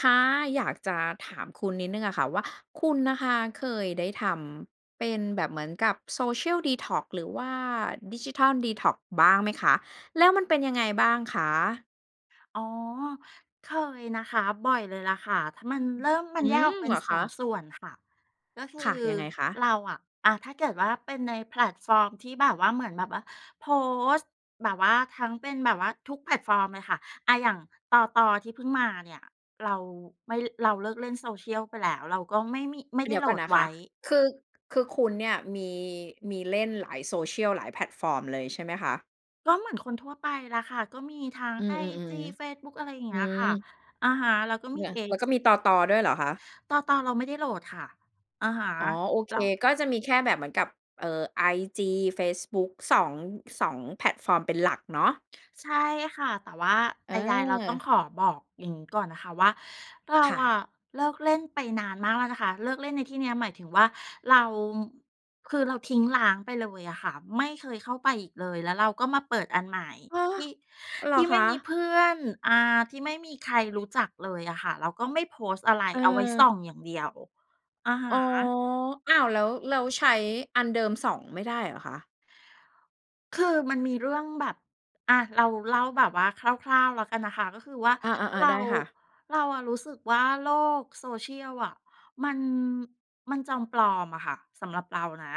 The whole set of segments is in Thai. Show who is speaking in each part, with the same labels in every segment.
Speaker 1: ค่ะ อยากจะถามคุณนิดหนึ่งอะค่ะว่า คุณนะคะ เคยได้ทำเป็นแบบเหมือนกับ Social Detox หรือว่าดิจิทัลดีท็อกซ์บ้างไหมคะ แล้วมันเป็นยังไงบ้างคะ?
Speaker 2: อ๋อ เคยนะคะ บ่อยเลยล่ะค่ะ ถ้ามันเริ่ม มั
Speaker 1: อ
Speaker 2: น
Speaker 1: ื
Speaker 2: แยก
Speaker 1: ม
Speaker 2: ออกเป็
Speaker 1: เ
Speaker 2: น
Speaker 1: หรอ
Speaker 2: ส
Speaker 1: ค
Speaker 2: อ
Speaker 1: ะ?
Speaker 2: ง ส่วนค่ะ ก็คือ
Speaker 1: ค่ะ ยังไงค
Speaker 2: เ
Speaker 1: ะ?
Speaker 2: ราอะ อะ ถ้าเกิดว่าเป็นในแพลตฟอร์มที่แบบว่า เหมือนแบบว่าโพสต์แบบว่าทั้งเป็นแบบว่าทุกแพลตฟอร์มเลยค่ะ อะ อย่าง ตต. ที่เพิ่งมาเนี่ย เราไม่ เราเลิกเล่น Social ไปแล้ว เราก็ไม่มี ไม่ไ
Speaker 1: เ
Speaker 2: ด
Speaker 1: ด
Speaker 2: ้
Speaker 1: ี๋ย
Speaker 2: โ
Speaker 1: ว
Speaker 2: หล
Speaker 1: ก่อน
Speaker 2: ด
Speaker 1: นะ
Speaker 2: ไ
Speaker 1: ค
Speaker 2: ว้
Speaker 1: ะ คือ คือคุณเนี่ยมี มีเล่นหลาย Social หลายแพลตฟอร์มเลยใช่ไหมคะ?
Speaker 2: ก็เหมือนคนทั่วไปแหละค่ะ ก็มีทั้ง
Speaker 1: อื
Speaker 2: ไอ
Speaker 1: ม
Speaker 2: จี เฟ
Speaker 1: ๆ
Speaker 2: ซบุ๊ก อะไรอย่างเ
Speaker 1: ๆ อ
Speaker 2: ง
Speaker 1: ื
Speaker 2: ี้ยค
Speaker 1: ม
Speaker 2: ่ะ อะฮะ แล้วก็ม
Speaker 1: เ
Speaker 2: ี
Speaker 1: นี่ย แล้
Speaker 2: X
Speaker 1: วก็มี ตต. ด้วยเหรอคะ?
Speaker 2: ตต. เราไม่ได้โหลดค่ะ อะฮะ
Speaker 1: อ๋อ โอเ
Speaker 2: เ
Speaker 1: ค
Speaker 2: รา
Speaker 1: ก็จะมีแค่แบบเหมือนกับ เอ่อ ไอจี เฟซบุ๊ก 2, 2 แพลตฟอร์มเป็นหลักเนาะ
Speaker 2: ใช่ค่ะ แต่ว่าใด ๆ เราต้อง
Speaker 1: อา
Speaker 2: ขอบอกอย่างงี้ก่อนนะคะว่า เรา
Speaker 1: ค่
Speaker 2: อ
Speaker 1: ะ
Speaker 2: ะเลิกเล่นไปนานมากแล้วนะคะ เลิกเล่นในที่นี้หมายถึงว่า เราคือเราทิ้งร้างไปเลยอะค่ะ ไม่เคยเข้าไปอีกเลย แล้วเราก็มาเปิดอันใหม่
Speaker 1: อ้อ
Speaker 2: ที่
Speaker 1: เหร
Speaker 2: ท
Speaker 1: อ
Speaker 2: ี่
Speaker 1: ค
Speaker 2: ไม่
Speaker 1: ะ?
Speaker 2: มีเพื่อน อา ที่ไม่มีใครรู้จักเลยอะค่ะ เราก็ไม่โพสต์อะไร
Speaker 1: เ
Speaker 2: เอาไว้ส
Speaker 1: ออ
Speaker 2: ่องอย่างเดียว อะฮ
Speaker 1: อ๋อ
Speaker 2: ะ
Speaker 1: อ้าว แล้ว แล้วใช้อันเดิมส่องไม่ได้เหรอคะ?
Speaker 2: คือมันมีเรื่องแบบ อะ เราเล่าแบบว่าคร่าว ๆ แล้วกันนะคะ ก็คือว่า
Speaker 1: อา
Speaker 2: เร
Speaker 1: ๆ ๆ ไ
Speaker 2: า
Speaker 1: ด้ค่ะ
Speaker 2: เราอะรู้สึกว่าโลก Social อะ มัน มันจอมปลอมอะค่ะ สำหรับเรานะ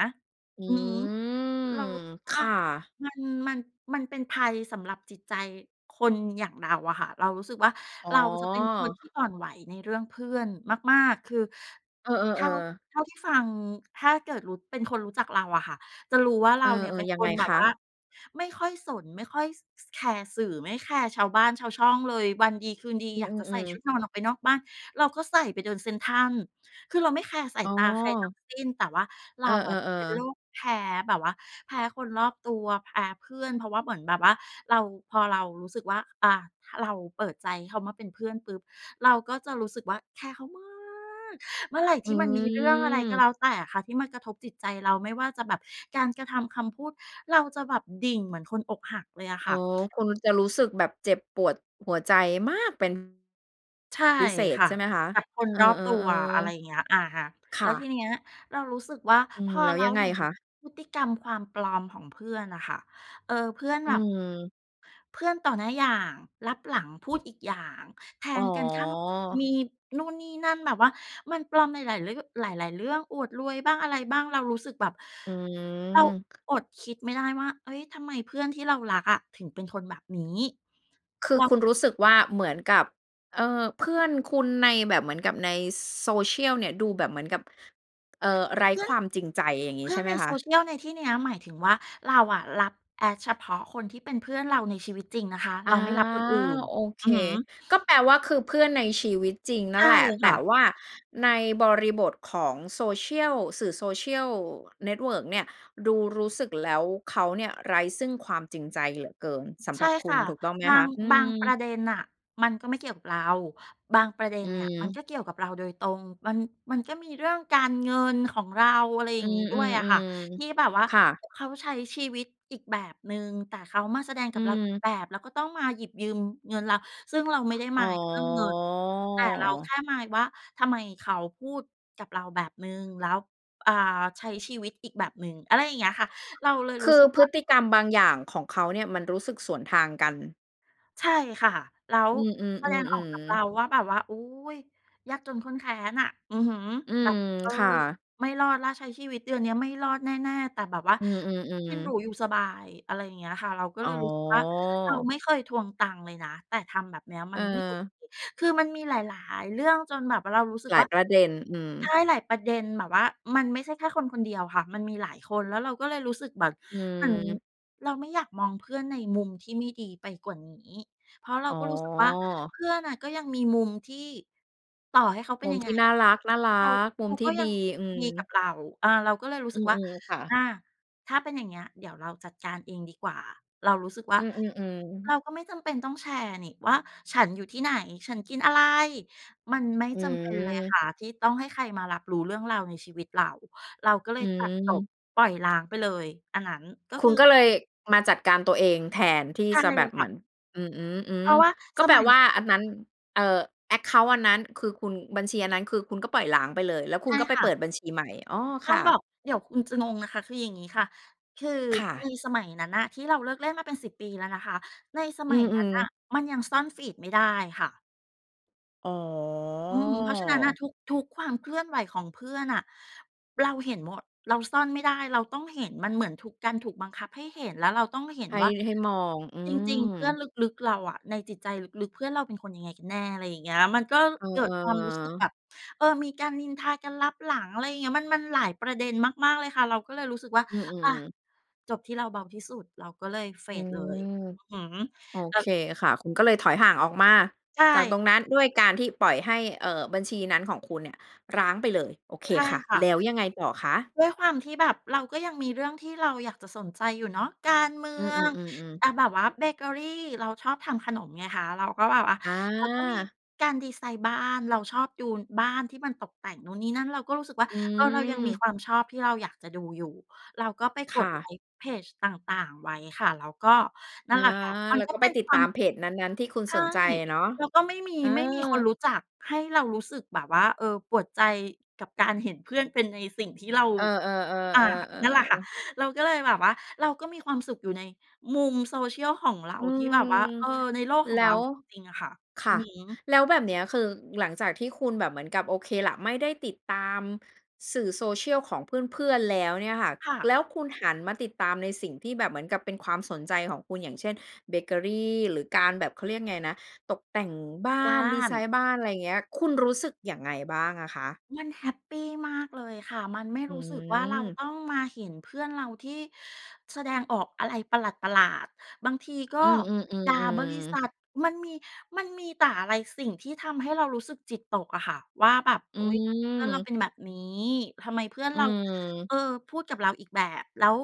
Speaker 1: อื
Speaker 2: อือฮึ
Speaker 1: ม
Speaker 2: เรารู้สึกว
Speaker 1: ค
Speaker 2: ่า
Speaker 1: ่ะ
Speaker 2: มัน มัน มันเป็นภัยสำหรับจิตใจคนอย่างเราอะค่ะ เรารู้สึกว่า
Speaker 1: อ๋อ
Speaker 2: เราจะเป็นคนที่อ่อนไหวในเรื่องเพื่อนมาก ๆ คือ
Speaker 1: เอ
Speaker 2: เท่
Speaker 1: อ
Speaker 2: า
Speaker 1: ๆ ๆ
Speaker 2: เท่าที่ฟัง ถ้าเกิดรู้ เป็นคนรู้จักเราอะค่ะ จะรู้ว่าเ
Speaker 1: เ
Speaker 2: ร
Speaker 1: อ
Speaker 2: าเนี่ย เป
Speaker 1: อ
Speaker 2: ็น
Speaker 1: ๆ ยั
Speaker 2: ค
Speaker 1: งไง
Speaker 2: นแบ
Speaker 1: ค
Speaker 2: บว่า
Speaker 1: ะ?
Speaker 2: ไม่ค่อยสน ไม่ค่อย ส แคร์สื่อ ไม่แคร์ชาวบ้านชาวช่องเลย วันดีคืนดี
Speaker 1: อื
Speaker 2: อยากจะใส่
Speaker 1: อ
Speaker 2: ช
Speaker 1: ๆ
Speaker 2: ุ
Speaker 1: ๆ
Speaker 2: ดนอนออกไปนอกบ้าน เราก็ใส่ไปเดินเซ็นทรัล คือเราไม่แคร์สา
Speaker 1: อ
Speaker 2: ย
Speaker 1: ๋
Speaker 2: ตาใครทั้
Speaker 1: อ
Speaker 2: งสิ้น แต่ว่าเ
Speaker 1: เ
Speaker 2: ร
Speaker 1: อ
Speaker 2: า
Speaker 1: อ
Speaker 2: อะจะเป็นโร
Speaker 1: ๆ ๆ
Speaker 2: คแพ้ แบบว่าแพ้คนรอบตัว แพ้เพื่อน เพราะว่าเหมือนแบบว่าเรา พอเรารู้สึกว่า อา ถ้าเราเปิดใจเขามาเป็นเพื่อนปุ๊บ เราก็จะรู้สึกว่าแคร์เขามาก เมื่อไหร่ท
Speaker 1: อ
Speaker 2: ี่มันมีเรื่องอะไรก็แล
Speaker 1: ืม
Speaker 2: ้วแต่อะค่ะ ที่มันกระทบจิตใจเราไม่ว่าจะแบบการกระทำ คำพูด เราจะแบบดิ่งเหมือนคนอกหักเลยอะค
Speaker 1: อ๋
Speaker 2: ่
Speaker 1: อ
Speaker 2: ะ
Speaker 1: คุณจะรู้สึกแบบเจ็บปวดหัวใจมาก เป็น
Speaker 2: ใช่
Speaker 1: พิเศ
Speaker 2: ค
Speaker 1: ษ
Speaker 2: ่ะ
Speaker 1: ใช่ไหมคะ?
Speaker 2: กับคน
Speaker 1: เออ
Speaker 2: รอบตัว อะไรเ
Speaker 1: ๆ
Speaker 2: งี้ย อะฮะ
Speaker 1: ๆ ค
Speaker 2: แล้
Speaker 1: ่
Speaker 2: วท
Speaker 1: ะ
Speaker 2: ีนี้เรารู้สึกว่า
Speaker 1: อื
Speaker 2: พ
Speaker 1: ม
Speaker 2: อ
Speaker 1: แล้ว
Speaker 2: เรา
Speaker 1: ยังไง
Speaker 2: เห็น
Speaker 1: คะ?
Speaker 2: พฤติกรรมความปลอมของเพื่อนน่ะค่ะ เออ เพื่อน
Speaker 1: อ
Speaker 2: แ
Speaker 1: ื
Speaker 2: บบ
Speaker 1: ม
Speaker 2: เพื่อนต่อหน้าอย่าง ลับหลังพูดอีกอย่าง แท
Speaker 1: อ๋
Speaker 2: งกันข้าง ม
Speaker 1: อ
Speaker 2: ีนู่นนี่นั่น แบบว่ามันปลอมในหลายเรื่อ หลาย ๆ เรื่อง อวดรวยบ้าง อะไรบ้าง เรารู้สึกแบบ
Speaker 1: อื
Speaker 2: เรา
Speaker 1: ม
Speaker 2: อดคิดไม่ได้ว่า เฮ้ย ทำไมเพื่อนที่เรารักอะ ถึงเป็นคนแบบนี้
Speaker 1: คื
Speaker 2: เร
Speaker 1: อ
Speaker 2: า
Speaker 1: คุณรู้สึกว่าเหมือนกับ เออ เพื่อนคุณในแบบ เหมือนกับใน Social เนี่ย ดูแบบเหมือนกับ เอ่อ ไร
Speaker 2: เ
Speaker 1: ้
Speaker 2: พื่อ
Speaker 1: ค
Speaker 2: น
Speaker 1: วามจริงใจอย่างน
Speaker 2: เ
Speaker 1: ี
Speaker 2: พ
Speaker 1: ้
Speaker 2: ื่
Speaker 1: ใช
Speaker 2: อน
Speaker 1: ่ไห
Speaker 2: ใ
Speaker 1: ม
Speaker 2: น
Speaker 1: ค
Speaker 2: โซ
Speaker 1: ะ?
Speaker 2: เชียลในที่เนี้ย หมายถึงว่า เราอะรับ Add เฉพาะคนที่เป็นเพื่อนเราในชีวิตจริงนะคะ
Speaker 1: อ
Speaker 2: เ
Speaker 1: า
Speaker 2: ราไม่รับคนอื่น
Speaker 1: โอเค
Speaker 2: อือฮึ
Speaker 1: ก็แปลว่าคือเพื่อนในชีวิตจริงน
Speaker 2: ใ
Speaker 1: ั
Speaker 2: ช
Speaker 1: ่น
Speaker 2: ่
Speaker 1: แหละ แ
Speaker 2: ค
Speaker 1: ต
Speaker 2: ่
Speaker 1: ่
Speaker 2: ะ
Speaker 1: ว่าในบริบทของ Social สื่อ Social Network เนี่ย ดูรู้สึกแล้วเขาเนี่ย ไร้ซึ่งความจริงใจเหลือเกินสำ
Speaker 2: ใช
Speaker 1: หร
Speaker 2: ่
Speaker 1: ับค
Speaker 2: ค
Speaker 1: ุ
Speaker 2: ่
Speaker 1: ณ
Speaker 2: ะ
Speaker 1: ถูกต้องไหม
Speaker 2: บา
Speaker 1: ค
Speaker 2: ง
Speaker 1: ะ? อื
Speaker 2: บางประ
Speaker 1: ม
Speaker 2: เด็นน่ะ มันก็ไม่เกี่ยวกับเรา บางประเด็
Speaker 1: อ
Speaker 2: น
Speaker 1: ื
Speaker 2: เนี่ย มันก
Speaker 1: ม
Speaker 2: ็เกี่ยวกับเราโดยตรง มัน มันก็มีเรื่องการเงินของเรา อะไรอย
Speaker 1: อ
Speaker 2: ่
Speaker 1: ื
Speaker 2: างนี้ด้วยอะค่ะ
Speaker 1: ม
Speaker 2: ที่แ
Speaker 1: ๆ
Speaker 2: บบว่า
Speaker 1: ๆ ค่ะ
Speaker 2: เขาใช้ชีวิตอีกแบบหนึ่ง แต่เขามาแสดง
Speaker 1: อ
Speaker 2: ก
Speaker 1: ื
Speaker 2: ับเราอีก
Speaker 1: ม
Speaker 2: แบบ แล้วก็ต้องมาหยิบยืมเงินเรา ซึ่งเราไม่ได้
Speaker 1: อ
Speaker 2: ม
Speaker 1: ๋
Speaker 2: ายด์เรื่องเงิน แต่เราแค
Speaker 1: อ
Speaker 2: ่มายด์ว่า ทำไมเขาพูดกับเราแบบหนึ่งแล้ว อ่า ใช้ชีวิตอีกแบบหนึ่ง อะไรอย่างเงี้ยค่ะ เราเลย
Speaker 1: ค
Speaker 2: รู้
Speaker 1: ื
Speaker 2: ส
Speaker 1: อ
Speaker 2: ึก
Speaker 1: พ
Speaker 2: ว่
Speaker 1: ฤ
Speaker 2: า
Speaker 1: ติกรรมบางอย่างของเขาเนี่ย มันรู้สึกสวนทางกัน
Speaker 2: ใช่ค่ะ แล้ว
Speaker 1: อือ
Speaker 2: แสดงออกกับ
Speaker 1: ๆ
Speaker 2: เร
Speaker 1: ๆ ๆ
Speaker 2: าว่า แบบว่า โอ๊ย ยากจนข้นแค้นน่ะ อือฮึ
Speaker 1: อื
Speaker 2: แบ
Speaker 1: ม
Speaker 2: บ เออ
Speaker 1: ค่ะ
Speaker 2: ไม่รอดแล้ว ใช้ชีวิตเดือนเนี้ยไม่รอดแน่ ๆ แต่แบบว่า
Speaker 1: อื
Speaker 2: กิน
Speaker 1: อ
Speaker 2: หรู
Speaker 1: ๆ ๆ
Speaker 2: อยู่สบาย อะไรอย่างเงี้ยค่ะ เราก็
Speaker 1: อ๋
Speaker 2: เล
Speaker 1: อ
Speaker 2: ยรู้สึกว่า เราไม่เคยทวงตังค์เลยนะ แต่ทำแบบเนี้ยมันไม่โอเค
Speaker 1: เออ
Speaker 2: คือมันมีหลาย ๆ เรื่องจนแบบว่าเรารู้สึก
Speaker 1: หล
Speaker 2: ว
Speaker 1: าย
Speaker 2: ่า
Speaker 1: ประเด็น อืม
Speaker 2: ใช่ หลายประเด็นแบบว่า มันไม่ใช่แค่คนคนเดียวค่ะ มันมีหลายคน แล้วเราก็เลยรู้สึกแบบ
Speaker 1: อื
Speaker 2: เหมือน
Speaker 1: อ
Speaker 2: เราไม่อยากมองเพื่อนในมุมที่ไม่ดีไปกว่านี้ เพราะเรา
Speaker 1: อ๋
Speaker 2: ก็รู้สึกว่า เ
Speaker 1: อ
Speaker 2: พื่อนน่ะก็ยังมีมุมที่ ต่อให้เขาเป
Speaker 1: ม
Speaker 2: ็น
Speaker 1: ุม
Speaker 2: ยัง
Speaker 1: ท
Speaker 2: ไง
Speaker 1: ี่น่
Speaker 2: อ
Speaker 1: า
Speaker 2: ะ
Speaker 1: รัก
Speaker 2: เขา
Speaker 1: ๆ ม
Speaker 2: เ
Speaker 1: ุ
Speaker 2: ข
Speaker 1: ม
Speaker 2: า
Speaker 1: ท
Speaker 2: ก
Speaker 1: ี
Speaker 2: ็
Speaker 1: ่
Speaker 2: ย
Speaker 1: ด
Speaker 2: ั
Speaker 1: ี
Speaker 2: ง
Speaker 1: อื
Speaker 2: ดีกั
Speaker 1: ม
Speaker 2: บเรา อา เราก็เลยรู้
Speaker 1: อ
Speaker 2: ส
Speaker 1: ื
Speaker 2: ึกว่า
Speaker 1: ม ๆ ค่
Speaker 2: อ
Speaker 1: ะ
Speaker 2: า ถ้าเป็นอย่างเงี้ยเดี๋ยวเราจัดการเองดีกว่า เรารู้สึกว่า
Speaker 1: อือ
Speaker 2: เ
Speaker 1: ๆ
Speaker 2: ร
Speaker 1: ๆ
Speaker 2: าก็ไม่จำเป็นต้องแชร์นี่ว่า ฉันอยู่ที่ไหน ฉันกินอะไร มันไม่
Speaker 1: อ
Speaker 2: จำเป็นเลยค
Speaker 1: ืม
Speaker 2: ่ะที่ต้องให้ใครมารับรู้เรื่องราวในชีวิตเรา เราก็เล
Speaker 1: อื
Speaker 2: ยตัดจบ
Speaker 1: ม
Speaker 2: ปล่อยร้างไปเลย อันนั้นก็
Speaker 1: ค
Speaker 2: ค
Speaker 1: ุ
Speaker 2: ื
Speaker 1: ณ
Speaker 2: อ
Speaker 1: ก็เลย มาจัดการตัวเอง แทนที่
Speaker 2: ใช่
Speaker 1: จะแบบ
Speaker 2: ค
Speaker 1: เห
Speaker 2: ่
Speaker 1: ม
Speaker 2: ะ
Speaker 1: ือน อื
Speaker 2: เพ
Speaker 1: อ
Speaker 2: ราะว่า
Speaker 1: ๆ ๆ ก็
Speaker 2: ส
Speaker 1: แปล
Speaker 2: มัย
Speaker 1: ว่าอันนั้น เอ่อ แอ็กเคานต์ อันนั้นคือคุณ บัญชีอันนั้นคือคุณก็ปล่อยร้างไปเลย แล้วค
Speaker 2: ใช
Speaker 1: ุณ
Speaker 2: ่
Speaker 1: ก็ไป
Speaker 2: ค่
Speaker 1: เ
Speaker 2: ะ
Speaker 1: ปิดบัญชีใหม่ อ๋อ
Speaker 2: ต
Speaker 1: ค
Speaker 2: ้อ
Speaker 1: ่
Speaker 2: งบอ
Speaker 1: ะ
Speaker 2: ก เดี๋ยวคุณจะงงนะคะ คืออย่างงี้ค่ะ คือ
Speaker 1: ค่
Speaker 2: ใ
Speaker 1: ะ
Speaker 2: นสมัยนั้นน่ะที่เราเลิกเล่นมาเป็น 10 ปีแล้วนะคะ ในส
Speaker 1: อ
Speaker 2: ม
Speaker 1: ื
Speaker 2: ัยนั้น
Speaker 1: อ
Speaker 2: น่ะ
Speaker 1: ๆ
Speaker 2: มันยังซ่อน feed ไม่ได้ค่ะ
Speaker 1: อ๋
Speaker 2: อืม เพราะฉะนั้นน่ะ
Speaker 1: อ
Speaker 2: ทุก ๆ ความเคลื่อนไหวของเพื่อนน่ะ เราเห็นหมด เราซ่อนไม่ได้ เราต้องเห็น มันเหมือนถูก การถูกบังคับให้เห็น แล้วเราต้องเห็น
Speaker 1: ให้
Speaker 2: ว่า
Speaker 1: ให้มอง อื
Speaker 2: จริง ๆ เพื่อน
Speaker 1: ม
Speaker 2: ลึก ๆ เราอะ ในจิตใจลึก ๆ เพื่อนเราเป็นคนยังไงกันแน่ อะไรอย่างเงี้ย มันก็
Speaker 1: เอ
Speaker 2: เกิดความรู้สึกแบ
Speaker 1: อ ๆ
Speaker 2: บ เออ มีการนินทากันลับหลัง อะไรอย่างเงี้ย มัน มันหลายประเด็นมาก ๆ เลยค่ะ เราก็เลยรู้สึกว่า
Speaker 1: อื
Speaker 2: "อะ
Speaker 1: ม ๆ
Speaker 2: จบที่เราเบาที่สุด" เราก็เลย เฟ
Speaker 1: อื
Speaker 2: ด เลย
Speaker 1: ม
Speaker 2: อือฮึ
Speaker 1: โอ
Speaker 2: ก็
Speaker 1: เคค่ะ คุณก็เลยถอยห่างออกมา
Speaker 2: ใช
Speaker 1: จากต
Speaker 2: ่
Speaker 1: รงนั้น ด้วยการที่ปล่อยให้ เอ่อ บัญชีนั้นของคุณเนี่ย ร้างไปเลย โอเค
Speaker 2: ใช่
Speaker 1: ค่ะ
Speaker 2: ค่
Speaker 1: แ
Speaker 2: ะ
Speaker 1: ล้วยังไงต่อคะ?
Speaker 2: ด้วยความที่แบบเราก็ยังมีเรื่องที่เราอยากจะสนใจอยู่เนาะ การเมื
Speaker 1: อื
Speaker 2: อ
Speaker 1: ม
Speaker 2: ง
Speaker 1: ๆ ๆ ๆ
Speaker 2: อะ แบบว่าเบเกอรี เราชอบทำขนมไงคะ เราก็แบบว่า
Speaker 1: อ
Speaker 2: แล้วก็มี
Speaker 1: า
Speaker 2: การดิไซน์บ้าน เราชอบดู อ บ้านที่มันตกแต่งนู่นนี่นั่น เราก็รู้สึกว่า
Speaker 1: อ
Speaker 2: เออ เรายังมี
Speaker 1: ืม
Speaker 2: ความชอบที่เราอยากจะดูอยู่ เราก็ไป
Speaker 1: ค
Speaker 2: ก
Speaker 1: ่
Speaker 2: ดไล
Speaker 1: ะ
Speaker 2: ก์เพจต่าง ๆ ไว้ค่ะ แล้วก็ นั
Speaker 1: อ
Speaker 2: ่น
Speaker 1: า
Speaker 2: แหละค่ะ มั
Speaker 1: แ
Speaker 2: น
Speaker 1: ล้ว
Speaker 2: ก็
Speaker 1: ก็
Speaker 2: เ
Speaker 1: ไ
Speaker 2: ป
Speaker 1: ป
Speaker 2: ็น
Speaker 1: ติ
Speaker 2: ค
Speaker 1: ด
Speaker 2: ว
Speaker 1: ต
Speaker 2: า
Speaker 1: า
Speaker 2: ม
Speaker 1: มเพจนั้น ๆ ที่คุณ
Speaker 2: ใช
Speaker 1: ส
Speaker 2: ่
Speaker 1: นใจอะเนาะ
Speaker 2: แล้วก็ไม่มี
Speaker 1: เออ
Speaker 2: ไม่มีคนรู้จักให้เรารู้สึกแบบว่า เออ ปวดใจ กับการเห็นเพื่อนเป็นในสิ่งที่เรา
Speaker 1: เออ
Speaker 2: อ่า นั่นแหละ
Speaker 1: ๆ
Speaker 2: ค่ะ
Speaker 1: ๆ ๆ ๆ
Speaker 2: เราก็เลยแบบว่าเราก็มีความสุขอยู่ในมุม social ของเรา
Speaker 1: อื
Speaker 2: ที่แ
Speaker 1: ม
Speaker 2: บบว่า เออ ในโลกข
Speaker 1: แ
Speaker 2: อ
Speaker 1: ล
Speaker 2: ง
Speaker 1: ้
Speaker 2: เรา
Speaker 1: ว
Speaker 2: จริง ๆ อะค่ะ
Speaker 1: ค
Speaker 2: อ
Speaker 1: ่
Speaker 2: ือ
Speaker 1: ะ
Speaker 2: ฮึ
Speaker 1: แล้วแบบเนี้ย คือหลังจากที่คุณแบบเหมือนกับ โอเคล่ะ ไม่ได้ติดตามสื่อ Social ของเพื่อน ๆ แล้วเนี่ยค่ะ
Speaker 2: ค่
Speaker 1: แล
Speaker 2: ะ
Speaker 1: ้วคุณหันมาติดตามในสิ่งที่แบบเหมือนกับเป็นความสนใจของคุณ อย่างเช่น เบเกอรี หรือการแบบ เขาเรียกไงนะ ตกแต่งบ้า
Speaker 2: บ้า
Speaker 1: น ดิไซ
Speaker 2: น
Speaker 1: น์บ้าน ไรเงี้ย คุณรู้สึกอย่างไงบ้างอะคะ?
Speaker 2: มันแฮปปีมากเลยค่ะ มันไม่
Speaker 1: อื
Speaker 2: รู้สึกว่า เรา
Speaker 1: ม
Speaker 2: ต้องมาเห็นเพื่อนเราที่แสดงออกอะไรประหลาด ๆ บางทีก็
Speaker 1: อืม
Speaker 2: ด่าบริ
Speaker 1: ๆ
Speaker 2: ษ
Speaker 1: ๆ ๆ
Speaker 2: ัท มันมี มันมีแต่อะไร สิ่งที่ทำให้เรารู้สึกจิตตกอะค่ะว่า แบบ
Speaker 1: อ
Speaker 2: "โ
Speaker 1: ื
Speaker 2: อ๊ย เพื่อนเรา
Speaker 1: ม
Speaker 2: เป็นแบบนี้ ทำไมเพื่อน
Speaker 1: อื
Speaker 2: เรา
Speaker 1: ม
Speaker 2: เออ พูดกับเราอีกแบบ แล้ว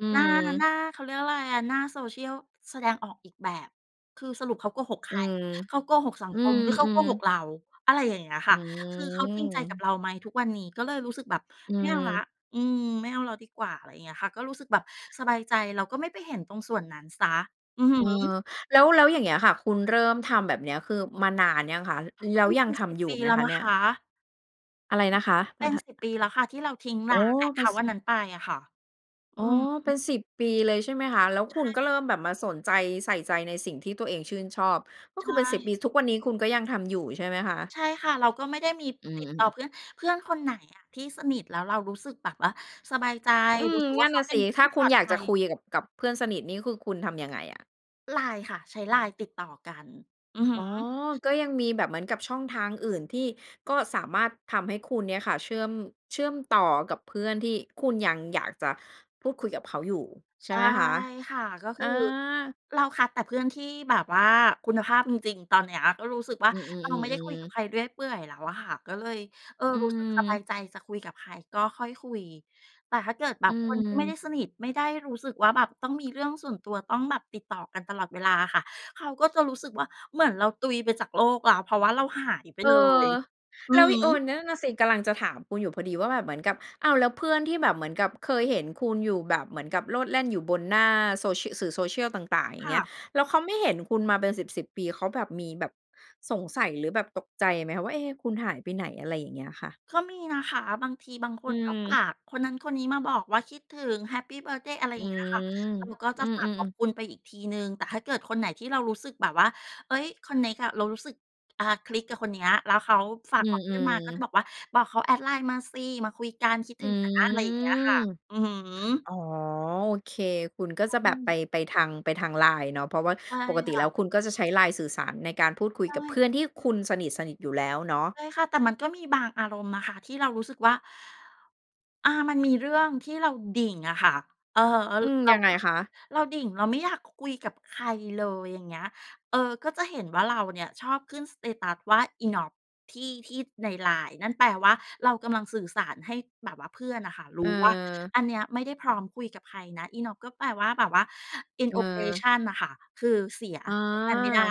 Speaker 1: อื
Speaker 2: หน้า หน
Speaker 1: ม
Speaker 2: ้า เขาเรียกว่าไรอะ หน้า Social แสดงออกอีกแบบ คือสรุป ขาโกหกใ
Speaker 1: อ
Speaker 2: ค
Speaker 1: ื
Speaker 2: ร?
Speaker 1: ม
Speaker 2: เขาโกหกสัง
Speaker 1: อื
Speaker 2: คม หรือเขาโก
Speaker 1: ม
Speaker 2: หก
Speaker 1: ๆ
Speaker 2: เรา?" อะไรอย่างเงี้ยค
Speaker 1: อ
Speaker 2: ่
Speaker 1: ื
Speaker 2: ะ คือเขาจริงใจกับ
Speaker 1: ม
Speaker 2: เราไหมทุกวันนี้ ก็เลยรู้สึกแบบ
Speaker 1: อื
Speaker 2: "ไม่เอาแล้ว
Speaker 1: ม
Speaker 2: อืม ไม่เอาแล้วดีกว่า" อะไรเงี้ยค่ะ ก็รู้สึกแบบสบายใจ เราก็ไม่ไปเห็นตรงส่วนนั้นเสีย อือฮ
Speaker 1: เออ
Speaker 2: ึ
Speaker 1: แล้ว แล้วอย่างเงี้ยค่ะ คุณเริ่มทำแบบเนี้ย คือ มานานยังคะ? อ แล้ว
Speaker 2: นี่
Speaker 1: ย
Speaker 2: เ
Speaker 1: ั
Speaker 2: ป็
Speaker 1: ง
Speaker 2: น
Speaker 1: ท
Speaker 2: ส
Speaker 1: ำ
Speaker 2: ิ
Speaker 1: e
Speaker 2: บ
Speaker 1: อยู่
Speaker 2: ปี
Speaker 1: ไหม
Speaker 2: แล้ว
Speaker 1: คะ
Speaker 2: น
Speaker 1: เ
Speaker 2: ะ
Speaker 1: นี่
Speaker 2: ค
Speaker 1: ย?
Speaker 2: ะ
Speaker 1: อะไรนะคะ?
Speaker 2: เ
Speaker 1: ท
Speaker 2: ป็น
Speaker 1: ท
Speaker 2: 10 ปีแล้วค่ะ ที่เราทิ้ง
Speaker 1: อ
Speaker 2: ร
Speaker 1: ๋
Speaker 2: ้
Speaker 1: อ
Speaker 2: าง แอ็ก
Speaker 1: เ
Speaker 2: เ
Speaker 1: ป
Speaker 2: ค
Speaker 1: ็น
Speaker 2: านต์
Speaker 1: ส
Speaker 2: อัน
Speaker 1: ิ
Speaker 2: นั
Speaker 1: บ
Speaker 2: ้นไปอะค่ะ อื
Speaker 1: อ๋อ
Speaker 2: อฮ
Speaker 1: เป็
Speaker 2: ึ
Speaker 1: น 10 ปีเลย ใช่ไหมคะ แล้ว
Speaker 2: ใช
Speaker 1: คุ
Speaker 2: ่
Speaker 1: ณก็เริ
Speaker 2: ค
Speaker 1: ่
Speaker 2: ่ะ
Speaker 1: มแบบมาสนใจ ใส่ใจในสิ่งที่ตัวเองชื่นชอบ ก็
Speaker 2: ใช
Speaker 1: คือเป็น 10
Speaker 2: ่
Speaker 1: ปี ทุกวันนี้คุณก็ยังทำอยู่ใช่ไหมคะ?
Speaker 2: ใช่ค่ะ เราก็ไม่ได้มี
Speaker 1: อื
Speaker 2: ติดต
Speaker 1: อ
Speaker 2: ่อ
Speaker 1: ๆ ๆ
Speaker 2: เพื่อน เพื่อนคนไหนอะที่สนิท แล้วเรารู้สึกแบบว่าสบายใจ
Speaker 1: อื
Speaker 2: รู
Speaker 1: ม
Speaker 2: ้สึกว
Speaker 1: น
Speaker 2: ่
Speaker 1: ั
Speaker 2: า
Speaker 1: ่น
Speaker 2: เข
Speaker 1: น
Speaker 2: า
Speaker 1: ่ะ
Speaker 2: เป
Speaker 1: ส
Speaker 2: ็
Speaker 1: ิ
Speaker 2: น
Speaker 1: ถ
Speaker 2: ท
Speaker 1: ้
Speaker 2: ี
Speaker 1: า
Speaker 2: ่
Speaker 1: ค
Speaker 2: ป
Speaker 1: ุ
Speaker 2: ล
Speaker 1: ณ
Speaker 2: อด
Speaker 1: อยาก
Speaker 2: ภ
Speaker 1: จ
Speaker 2: ั
Speaker 1: ะ
Speaker 2: ย
Speaker 1: คุยกับ กับเพื่อนสนิทนี่ คือคุณทำยังไงอะ?
Speaker 2: ไลน์ค่ะ ใช้ไลน์ติดต่อกัน อือฮึ
Speaker 1: อ๋อ ก็ยังมีแบบเหมือนกับช่องทางอื่น ที่ก็สามารถทำให้คุณเนี่ยค่ะเชื่อม เชื่อมต่อกับเพื่อนที่คุณยังอยากจะพูดคุยกับเขาอยู่ใ
Speaker 2: ใ
Speaker 1: ช
Speaker 2: ช
Speaker 1: ่
Speaker 2: ่
Speaker 1: ไหมคะ?
Speaker 2: ค่ะ ก็ค
Speaker 1: อ
Speaker 2: ื
Speaker 1: า
Speaker 2: อ เราคัดแต่เพื่อนที่แบบว่าคุณภาพจริง ๆ ตอนเนี้ยก็รู้สึกว่า
Speaker 1: อือ
Speaker 2: เราไม่ได้คุยก
Speaker 1: ๆ
Speaker 2: ั
Speaker 1: ๆ
Speaker 2: บ
Speaker 1: ๆ
Speaker 2: ใครเรื่อยเปื่อยแล้วอะค่ะ ก็เลย เออ
Speaker 1: อื
Speaker 2: รู้สึกสบ
Speaker 1: ม
Speaker 2: ายใจ จะคุยกับใครก็ค่อยคุย แต่ถ้าเกิดแบ
Speaker 1: อ
Speaker 2: บคนที่ไม่ได้
Speaker 1: ืม
Speaker 2: สนิท ไม่ได้รู้สึกว่าแบบต้องมีเรื่องส่วนตัว ต้องแบบติดต่อกันตลอดเวลาอะค่ะ เขาก็จะรู้สึกว่า เหมือนเราตุยไปจากโลกแล้ว เพราะว่าเราหาย ไป
Speaker 1: เออ
Speaker 2: เลย อื
Speaker 1: แล
Speaker 2: อ
Speaker 1: ้ว
Speaker 2: ฮ
Speaker 1: อี โอ
Speaker 2: ึ
Speaker 1: น นั่นน่ะสิ กำลังจะถามคุณอยู่พอดีว่า แบบเหมือนกับ อ้าว แล้วเพื่อนที่แบบเหมือนกับเคยเห็นคุณอยู่ แบบเหมือนกับโลดแล่นอยู่บนหน้าโซชี่ สื่อ social ต่าง ๆ อย
Speaker 2: ค
Speaker 1: ่างเ
Speaker 2: ่
Speaker 1: งี้ย
Speaker 2: ะ
Speaker 1: แล้วเขาไม่เห็นคุณมาเป็นสิบ ๆ ปี เขาแบบมีแบบสงสัยหรือแบบตกใจไหมคะว่า เอ๊ คุณหายไปไหน? อะไรอย่างเงี้ยค่ะ
Speaker 2: ก็มีนะคะ บางทีบางค
Speaker 1: อื
Speaker 2: นก็ฝ
Speaker 1: ม
Speaker 2: ากคนนั้นคนนี้มาบอกว่า คิดถึง แฮปปีเบิร์ทเดย์ อะไร
Speaker 1: อ
Speaker 2: อ
Speaker 1: ื
Speaker 2: ย่างเงี้ยค่ะ
Speaker 1: ม
Speaker 2: เราก็
Speaker 1: อ
Speaker 2: จ
Speaker 1: ื
Speaker 2: ะฝาก
Speaker 1: อ
Speaker 2: ขอบ
Speaker 1: ๆ ๆ
Speaker 2: คุณไปอีกทีหนึ่ง แต่ถ้าเกิดคนไหนที่เรารู้สึกแบบว่า เฮ้ย คอนเน็กอะ เรารู้สึก อ่า คลิกกับคนเนี้ย แล้วเขาฝา
Speaker 1: อ
Speaker 2: ก
Speaker 1: ื
Speaker 2: บอ
Speaker 1: ม
Speaker 2: กเพื่อนมา ก็จะ
Speaker 1: ๆ
Speaker 2: บอกว่า "บอกเขาแอดไลน์มาสิ มาคุยกัน คิด
Speaker 1: อ
Speaker 2: ถ
Speaker 1: ื
Speaker 2: ึงนะ"
Speaker 1: ม
Speaker 2: อะไรอย่างเงี้ยค่ะ อือฮึ
Speaker 1: อ๋อ โอเค คุณก็จะ
Speaker 2: อ
Speaker 1: แบ
Speaker 2: ื
Speaker 1: บไป
Speaker 2: ม
Speaker 1: ไปทาง ไปทางไลน์เนาะ เพราะว่า
Speaker 2: ใช่
Speaker 1: ปกติ
Speaker 2: ค
Speaker 1: แ
Speaker 2: ่
Speaker 1: ล้
Speaker 2: ะ
Speaker 1: วคุณก็จะใช้ไลน์สื่อสาร ในการพูดคุ
Speaker 2: ใ
Speaker 1: ย
Speaker 2: ช
Speaker 1: กับเพ
Speaker 2: ่
Speaker 1: ื่อนที่คุณสนิท ๆ อยู่แล้วเนาะ
Speaker 2: ใช่ค่ะ แต่มันก็มีบางอารมณ์นะคะที่เรารู้สึกว่า อ่า มันมีเรื่องที่เราดิ่งอะค่ะ อือฮึ เอ่อ
Speaker 1: อืม
Speaker 2: เร
Speaker 1: ย
Speaker 2: า
Speaker 1: ังไง
Speaker 2: ก็
Speaker 1: คะ?
Speaker 2: เราดิ่ง เราไม่อยากคุยกับใครเลย อย่างเงี้ย เอ่อ ก็จะเห็นว่า เราเนี่ยชอบขึ้น สเตตัส ว่า INOP ที่ ที่ในไลน์นั่นแปลว่า เรากำลังสื่อสารให้แบบว่าเพื่อนน่ะค่ะรู
Speaker 1: เ
Speaker 2: ้ว่า
Speaker 1: ออ
Speaker 2: อันเนี้ยไม่ได้พร้อมคุยกับใครนะ INOP ก็แปลว่าแบบว่า inoperative
Speaker 1: เออ
Speaker 2: อ น่ะค่ะ คือเสีย
Speaker 1: อ๋อ
Speaker 2: ใช้งานไม่ได้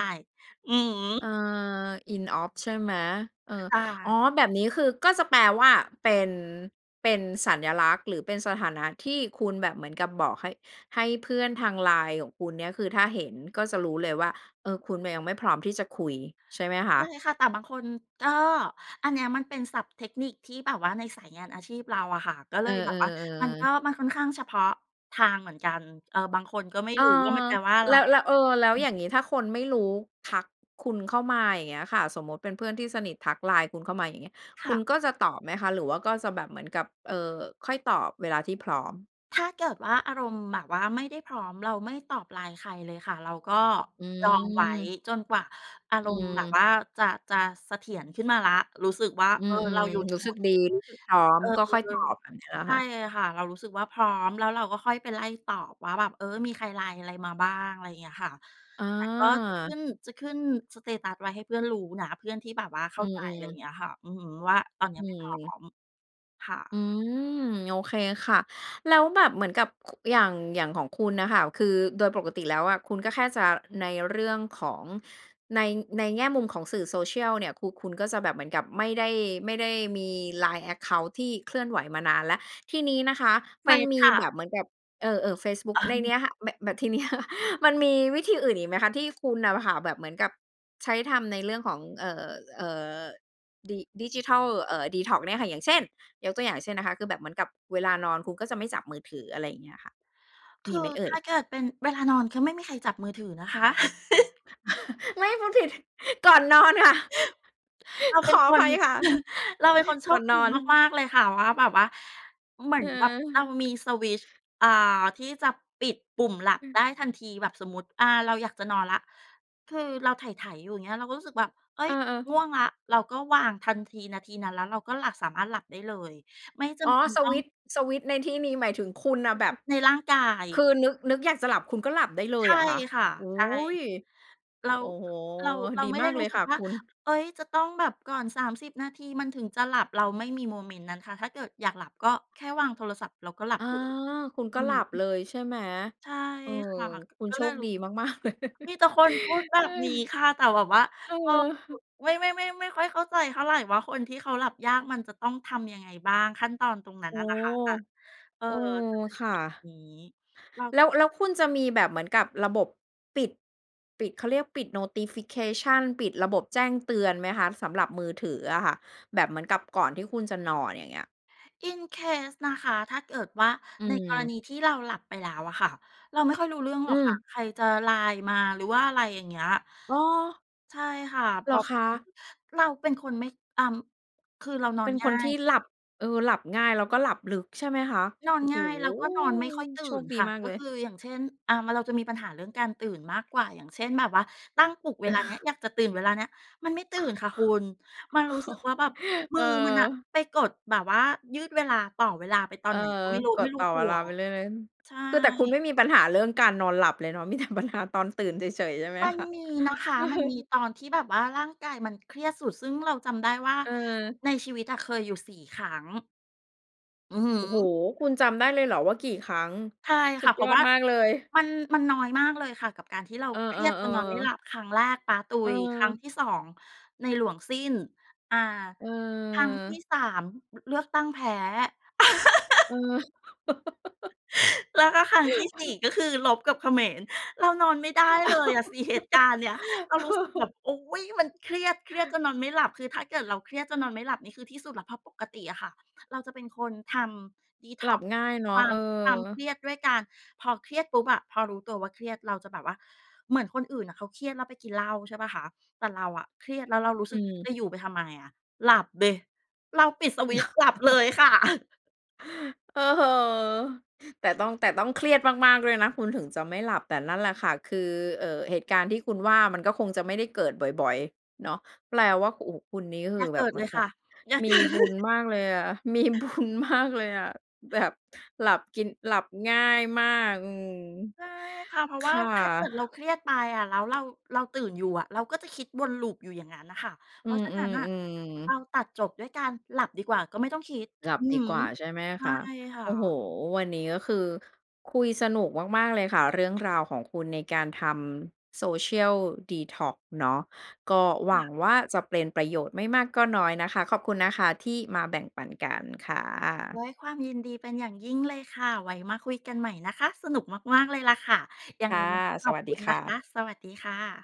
Speaker 2: อือฮ
Speaker 1: เ
Speaker 2: ึ
Speaker 1: ออ INOP ใช่ไหม? เอ่อ
Speaker 2: ค่
Speaker 1: อ๋อ
Speaker 2: ะ
Speaker 1: แบบนี้คือก็จะแปลว่า เป็น เป็นสัญลักษณ์หรือเป็นสถานะที่คุณแบบเหมือนกับบอกให้ ให้เพื่อนทางไลน์ของคุณเนี่ย คือถ้าเห็นก็จะรู้เลยว่า เออ คุณน่ะยังไม่พร้อมที่จะคุยใช่ไหมค
Speaker 2: ใช่
Speaker 1: ะ?
Speaker 2: ค่ะ แต่บางคนก็ อันเนี้ยมันเป็นศัพท์เทคนิคที่แบบว่าในสายงานอาชีพเราอะค่ะ ก็เ
Speaker 1: เ
Speaker 2: ล
Speaker 1: ออ
Speaker 2: ยแบบว่ามันก
Speaker 1: ๆ
Speaker 2: ็
Speaker 1: ๆ ๆ
Speaker 2: มันค่อนข้างเฉพาะทางเหมือนกัน เอ่อ บางคนก็ไม่
Speaker 1: เออ
Speaker 2: รู้ว่า มันแปลว่าอะไร
Speaker 1: แล้ว แล้ว เออ แล้ว
Speaker 2: อื
Speaker 1: อ
Speaker 2: ม
Speaker 1: ย่างงี้ถ้าคนไม่รู้ทักคุณเข้ามา อย่างเงี้ยค่ะ สมมติเป็นเพื่อนที่สนิททักไลน์คุณเข้ามา อย่างเงี้ย
Speaker 2: ค
Speaker 1: ค
Speaker 2: ่
Speaker 1: ุ
Speaker 2: ะ
Speaker 1: ณก็จะตอบไหมคะ? หรือว่าก็จะแบบเหมือนกับ เอ่อ ค่อยตอบเวลาที่พร้อม
Speaker 2: ถ้าเกิดว่าอารมณ์แบบว่าไม่ได้พร้อม เราไม่ตอบ LINE ใครเลยค่ะ เราก็
Speaker 1: อ
Speaker 2: ดองไว้
Speaker 1: ืม
Speaker 2: จนกว่าอา
Speaker 1: อ
Speaker 2: ร
Speaker 1: ื
Speaker 2: มณ์แบบ
Speaker 1: ม
Speaker 2: ว่าจะ จะเสถียรขึ้นมาแล้ว รู้สึกว่า
Speaker 1: อื
Speaker 2: เออ เรา
Speaker 1: ม
Speaker 2: อยู่ใน
Speaker 1: ๆ รู้
Speaker 2: โหม
Speaker 1: สึก
Speaker 2: ด
Speaker 1: ด
Speaker 2: ท
Speaker 1: ี
Speaker 2: ี่
Speaker 1: รู้สึกพร้อ
Speaker 2: เ
Speaker 1: ม
Speaker 2: ออ
Speaker 1: ก็ค่อยตอบแบบเนี้ยเหรอ
Speaker 2: ใช
Speaker 1: ค
Speaker 2: ่
Speaker 1: ะ?
Speaker 2: ค่ะ เรารู้สึกว่าพร้อมแล้วเราก็ค่อยไปไล่ตอบว่าแบบ เออ มีใคร LINE อะไรมาบ้าง อะไรอย่างเงี้ยค่ะ
Speaker 1: อ
Speaker 2: แต่ก็จะขึ
Speaker 1: า
Speaker 2: ้น จะขึ้น สเตตัส ไว้ให้เพื่อนรู้นะ เพื่อนที่แบบว่าเข
Speaker 1: อ
Speaker 2: ้
Speaker 1: ื
Speaker 2: าใจ อะไรอย่
Speaker 1: ม
Speaker 2: า
Speaker 1: ๆ
Speaker 2: งเงี้ยค่ะ อือฮึ ว่าตอนเนี
Speaker 1: อ
Speaker 2: ้
Speaker 1: ื
Speaker 2: ยไม่พร้
Speaker 1: ม
Speaker 2: อม ค่
Speaker 1: อ
Speaker 2: ะ
Speaker 1: ืม โอเคค่ะ แล้วแบบเหมือนกับ ค อย่าง อย่างของคุณน่ะค่ะ คือโดยปกติแล้วอะ คุณก็แค่จะ ในเรื่องของใน ในแง่มุมของสื่อ Social เนี่ย คือคุณก็จะแบบเหมือนกับไม่ได้ ไม่ได้มี LINE แอ็กเคานต์ ที่เคลื่อนไหวมานานแล้ว ที่นี้นะคะ
Speaker 2: เฟ
Speaker 1: มัน
Speaker 2: ซ
Speaker 1: มี
Speaker 2: ค่
Speaker 1: แ
Speaker 2: ะ
Speaker 1: บบเหมือนแบบ เออ เออ เฟซบุ๊ก
Speaker 2: อะ
Speaker 1: ในนี้ค่ะ แบบ แบบ ทีเนี้ย มันมีวิธีอื่นอีกไหมคะ ที่คุณน่ะค่ะ แบบเหมือนกับ ใช้ทำในเรื่องของ เอ่อ เอ่อ ดิ ดิจิทัล เอ่อ ดีท็อกซ์ เนี่ยค่ะ อย่างเช่น ยกตัวอย่าง เช่น นะคะ คือแบบเหมือนกับเวลานอนคุณก็จะไม่จับมือถือ อะไรอย่างเงี้ยค่ะ
Speaker 2: ค
Speaker 1: มี
Speaker 2: ื
Speaker 1: ไห
Speaker 2: อ
Speaker 1: มเอ
Speaker 2: ถ
Speaker 1: ่ย?
Speaker 2: ้าเกิดเป็นเวลานอน ก็ไม่มีใครจับมือถือนะคะ
Speaker 1: ไม่ พูดผิด ก่อนนอนค่ะ
Speaker 2: เราเป
Speaker 1: ข
Speaker 2: ็น
Speaker 1: อ
Speaker 2: ค
Speaker 1: อภ
Speaker 2: น
Speaker 1: ัยค่ะ
Speaker 2: เราเป็นคนโช
Speaker 1: ก่อ
Speaker 2: ค
Speaker 1: นน
Speaker 2: ดี
Speaker 1: อน
Speaker 2: มาก ๆ เลยค่ะ ว่าแบบว่าเหมือ
Speaker 1: เ
Speaker 2: นแบบเรา
Speaker 1: ออ
Speaker 2: มีสวิตช์ อ่า ที่จะปิดปุ่มหลับ
Speaker 1: อื
Speaker 2: ไ
Speaker 1: ม
Speaker 2: ด้ทันทีแบบสมมติ อ่า เราอยากจะนอนละ คือเราไถ ๆ อยู่ อย่างเงี้ย เราก็รู้สึกแบบ เฮ้
Speaker 1: เอ
Speaker 2: ย
Speaker 1: อ ๆ
Speaker 2: ง่วงละ เราก็วางทันที นาทีนั้นแล้วเราก็หลับ สามารถหลับได้เลย ไม่จ
Speaker 1: อ๋
Speaker 2: ำ
Speaker 1: อ
Speaker 2: เป็น
Speaker 1: ส
Speaker 2: ต้อ
Speaker 1: ว
Speaker 2: ง
Speaker 1: ิตช์ สวิตช์ในที่นี้หมายถึงคุณน่ะแบบ
Speaker 2: ในร่างกาย
Speaker 1: คือนึก นึกอยากจะหลับคุณก็หลับได้เล
Speaker 2: ใช
Speaker 1: ยเ
Speaker 2: ่
Speaker 1: หรอคะ?
Speaker 2: ค่ะ
Speaker 1: โอ้
Speaker 2: ใช่ เรา
Speaker 1: โอ้โฮ
Speaker 2: เรา เรา
Speaker 1: ดี
Speaker 2: ไม่ไ
Speaker 1: ม
Speaker 2: ด้
Speaker 1: าก
Speaker 2: ร
Speaker 1: เ
Speaker 2: ู
Speaker 1: ล
Speaker 2: ้
Speaker 1: ย
Speaker 2: สึ
Speaker 1: ค
Speaker 2: ก
Speaker 1: ่ะ
Speaker 2: ว่า
Speaker 1: คุณ
Speaker 2: เฮ้ย จะต้องแบบก่อน 30 นาทีมันถึงจะหลับเราไม่มีโมเมนต์นั้นค่ะ ถ้าเกิดอยากหลับก็แค่วางโทรศัพท์เราก็หลั
Speaker 1: อ
Speaker 2: บ
Speaker 1: า
Speaker 2: เลย
Speaker 1: คุณ
Speaker 2: อ
Speaker 1: ก
Speaker 2: ื
Speaker 1: ็ห
Speaker 2: อ
Speaker 1: ลับ
Speaker 2: ฮึ
Speaker 1: เลยใช่ไหม?
Speaker 2: ใช่
Speaker 1: เออ
Speaker 2: ค่ะ
Speaker 1: คุณ
Speaker 2: ก็
Speaker 1: โช
Speaker 2: เลย
Speaker 1: คดี มาก ๆ เลย
Speaker 2: มีแต่คนพูดแบบนี้ค่ะ แต่แบบว่า
Speaker 1: เอ
Speaker 2: เอ่อ
Speaker 1: อ
Speaker 2: ไม่ ไม่ ไม่ ไม่ค่อยเข้าใจเท่าไร ว่าคนที่เขาหลับยากมันจะต้องทำยังไงบ้าง ขั้นตอนตรงนั้
Speaker 1: โ
Speaker 2: น
Speaker 1: อ้
Speaker 2: อะน
Speaker 1: โ
Speaker 2: ่ะค่ะ แต่ เออ
Speaker 1: ฮ โอ้ ค่ะ
Speaker 2: เรา
Speaker 1: แล้ว แล้วคุณจะมีแบบเหมือนกับระบบปิด ปิด เขาเรียกปิด Notification ปิดระบบแจ้งเตือนไหมคะ? สำหรับมือถืออะค่ะ แบบเหมือนกับก่อนที่คุณจะนอนอย่างเงี้ย
Speaker 2: In case นะคะ ถ้าเกิดว่า
Speaker 1: อื
Speaker 2: ในกรณ
Speaker 1: ม
Speaker 2: ีที่เราหลับไปแล้วอะค่ะ เราไม่ค่อยรู้เรื่องห
Speaker 1: อ
Speaker 2: ร
Speaker 1: ื
Speaker 2: อกค่ะ
Speaker 1: ม
Speaker 2: ใครจะ LINE มา หรือว่า อะไรอย่างเงี้ย
Speaker 1: อ๋อ
Speaker 2: ใช่ค่ะ เ
Speaker 1: เ
Speaker 2: พ
Speaker 1: ห
Speaker 2: ร
Speaker 1: ร
Speaker 2: า
Speaker 1: อ
Speaker 2: ะ
Speaker 1: คะ?
Speaker 2: เราเป็นคนไม่ อ่า คือเรานอ
Speaker 1: เป
Speaker 2: น
Speaker 1: ็น
Speaker 2: ง
Speaker 1: ค
Speaker 2: ่า
Speaker 1: นที
Speaker 2: ย
Speaker 1: ่หลับ เออ หลับง่ายแล้วก็หลับลึกใช่ไหมคะ?
Speaker 2: นอ
Speaker 1: โ
Speaker 2: น
Speaker 1: อ้โ
Speaker 2: ง
Speaker 1: ฮ
Speaker 2: ่ายแล้วก็นอนไม่ค่อยตื่
Speaker 1: โช
Speaker 2: น
Speaker 1: คดี
Speaker 2: ค่ะ
Speaker 1: มาก
Speaker 2: ก็
Speaker 1: เล
Speaker 2: ค
Speaker 1: ย
Speaker 2: ือ อย่างเช่น อ่า มาเราจะมีปัญหาเรื่องการตื่นมากกว่า อย่างเช่น แบบว่าตั้งปลุกเ
Speaker 1: เ
Speaker 2: วลา
Speaker 1: อ
Speaker 2: เนี้ย
Speaker 1: อ
Speaker 2: อยากจะตื่นเวลาเนี้ยมันไม่ตื่นค่ะคุณ มันรู้สึกว่าแบบมื
Speaker 1: เ
Speaker 2: อมันน่ะ
Speaker 1: ออ
Speaker 2: ไปกดแบบว่ายืดเวลา ต่อเวลาไปตอ
Speaker 1: เอ
Speaker 2: น
Speaker 1: อ
Speaker 2: ไหนก็ไม่รู้
Speaker 1: ก
Speaker 2: ไม่
Speaker 1: ด
Speaker 2: รู
Speaker 1: ต
Speaker 2: ้
Speaker 1: ่อ
Speaker 2: ตั
Speaker 1: เว
Speaker 2: ว
Speaker 1: ลาไปเรื่อย
Speaker 2: ใช่
Speaker 1: ๆ คือแต่คุณไม่มีปัญหาเรื่องการนอนหลับเลยเนาะ มีแต่ปัญหา ตอนตื่นเฉย ๆ ใช่ไหม
Speaker 2: มัน
Speaker 1: คะ?
Speaker 2: มีนะคะ
Speaker 1: เออ
Speaker 2: มันมีตอนที่แบบว่าร่างกายมันเครียดสุด ซึ่งเราจำได้ว่า
Speaker 1: เออ
Speaker 2: ในชีวิตอะเคยอยู่ 4 ครั้ง อือฮ
Speaker 1: โอ้โฮ
Speaker 2: ึ
Speaker 1: คุณจำได้เลยเหรอว่ากี่ครั้ง
Speaker 2: ใช่
Speaker 1: ส
Speaker 2: ค
Speaker 1: ุ
Speaker 2: ่ะ
Speaker 1: ด
Speaker 2: เพร
Speaker 1: ย
Speaker 2: าะ
Speaker 1: อ
Speaker 2: ว
Speaker 1: ด
Speaker 2: ่า
Speaker 1: มากเลย
Speaker 2: มัน มันน้อยมากเลยค่ะ กับการที่เรา
Speaker 1: เอ
Speaker 2: เครียดจนนอนไ
Speaker 1: อ
Speaker 2: ม่ห
Speaker 1: ๆ
Speaker 2: ล
Speaker 1: ๆ
Speaker 2: ับ ครั้งแรกป๊าตุ
Speaker 1: เ
Speaker 2: ย ครั้ง
Speaker 1: ออ
Speaker 2: ที่ 2 ในหลวงสิ้น อ่า
Speaker 1: เ
Speaker 2: ครั้งที
Speaker 1: ออ
Speaker 2: ่ 3 เลือกตั้งแพ้
Speaker 1: เออ
Speaker 2: แล้วก็ครั้งที่ 4 ก็คือรบกับเขมร เรานอนไม่ได้เลยอะสิเหตุการณ์เนี้ย เรารู้สึกแบบ อุ๊ย มันเครียด เครียดจนนอนไม่หลับ คือถ้าเกิดเราเครียดจนนอนไม่หลับนี่คือที่สุดแล้ว เพราะปกติอะค่ะ เราจะเป็นคนทำ
Speaker 1: หลั
Speaker 2: detox
Speaker 1: บง่ายเนา
Speaker 2: ค
Speaker 1: ะ
Speaker 2: วา
Speaker 1: เอ
Speaker 2: ม
Speaker 1: อ
Speaker 2: ความเครียดด้วยการ พอเครียดปุ๊บอะ พอรู้ตัวว่าเครียดเราจะแบบว่าเหมือนคนอื่นน่ะเขาเครียดแล้วไปกินเหล้า ใช่เปล่าคะ แต่เราอะเครียดแล้วเรารู้
Speaker 1: อ
Speaker 2: สึก
Speaker 1: ืม
Speaker 2: จะอยู่ไปทำไมอะ หลับดิ เราปิดสวิตช์หลับเลยค่ะ
Speaker 1: เออ แต่ต้อง แต่ต้องเครียดมาก ๆ ด้วยนะ คุณถึงจะไม่หลับ แต่นั่นแหละค่ะ คือ เอ่อ เหตุการณ์ที่คุณว่ามันก็คงจะไม่ได้เกิดบ่อย ๆ เนาะ แปลว่า โอ้โฮ คุณนี่ค
Speaker 2: อย่
Speaker 1: ือ
Speaker 2: าเ
Speaker 1: แบ
Speaker 2: ก
Speaker 1: บ
Speaker 2: ิด
Speaker 1: เห
Speaker 2: เ
Speaker 1: ม
Speaker 2: ล
Speaker 1: ือน
Speaker 2: ย
Speaker 1: ก
Speaker 2: ค
Speaker 1: ั
Speaker 2: ่
Speaker 1: บ
Speaker 2: ะ อย่า
Speaker 1: ม
Speaker 2: เก
Speaker 1: ี
Speaker 2: ิ
Speaker 1: บุญ
Speaker 2: ด
Speaker 1: มากเลยอะ มีบุญ มากเลยอะ แบบหลับกิน หลับง่ายมาก อืม
Speaker 2: ใช่ค่ะ เพราะ
Speaker 1: ค
Speaker 2: ว่า
Speaker 1: ่ะ
Speaker 2: ถ้าเกิดเราเครียดไปอะแล้วเรา เราตื่นอยู่อะ เราก็จะคิดวน Loop อยู่อย่างนั้นน่ะค่ะ เพ
Speaker 1: อื
Speaker 2: ราะฉะนั้นน่ะ
Speaker 1: ม
Speaker 2: เรา
Speaker 1: ๆ ๆ
Speaker 2: ตัดจบด้วยการหลับดีกว่าก็ไม่ต้องคิด
Speaker 1: หลั
Speaker 2: อ
Speaker 1: บ
Speaker 2: ือ
Speaker 1: ด
Speaker 2: ฮ
Speaker 1: ีกว่
Speaker 2: ึ
Speaker 1: าใช่ไหม
Speaker 2: ใช
Speaker 1: ค
Speaker 2: ่
Speaker 1: ะ
Speaker 2: ค่
Speaker 1: โอ้โฮ
Speaker 2: ะ
Speaker 1: วันนี้ก็คือคุยสนุกมาก ๆ เลยค่ะ เรื่องราวของคุณในการทำ social detox เนาะ ก็หว
Speaker 2: ค่
Speaker 1: ั
Speaker 2: ะ
Speaker 1: งว่าจะเป็นประโยชน์ไม่มากก็น้อยนะคะ ขอบคุณนะคะที่มาแบ่งปันกันค่ะ
Speaker 2: ด้วยความยินดีเป็นอย่างยิ่งเลยค่ะ ไว้มาคุยกันใหม่นะคะ สนุกมาก ๆ เลยล่ะค่ะ ยัง
Speaker 1: ค
Speaker 2: ไง
Speaker 1: ่ะ
Speaker 2: วันนี้ข
Speaker 1: ส
Speaker 2: อบ
Speaker 1: วัส
Speaker 2: ค
Speaker 1: ด
Speaker 2: ุ
Speaker 1: ี
Speaker 2: ณ
Speaker 1: ค
Speaker 2: นะ
Speaker 1: ่
Speaker 2: คะ
Speaker 1: ะ
Speaker 2: สวัสดีค่ะ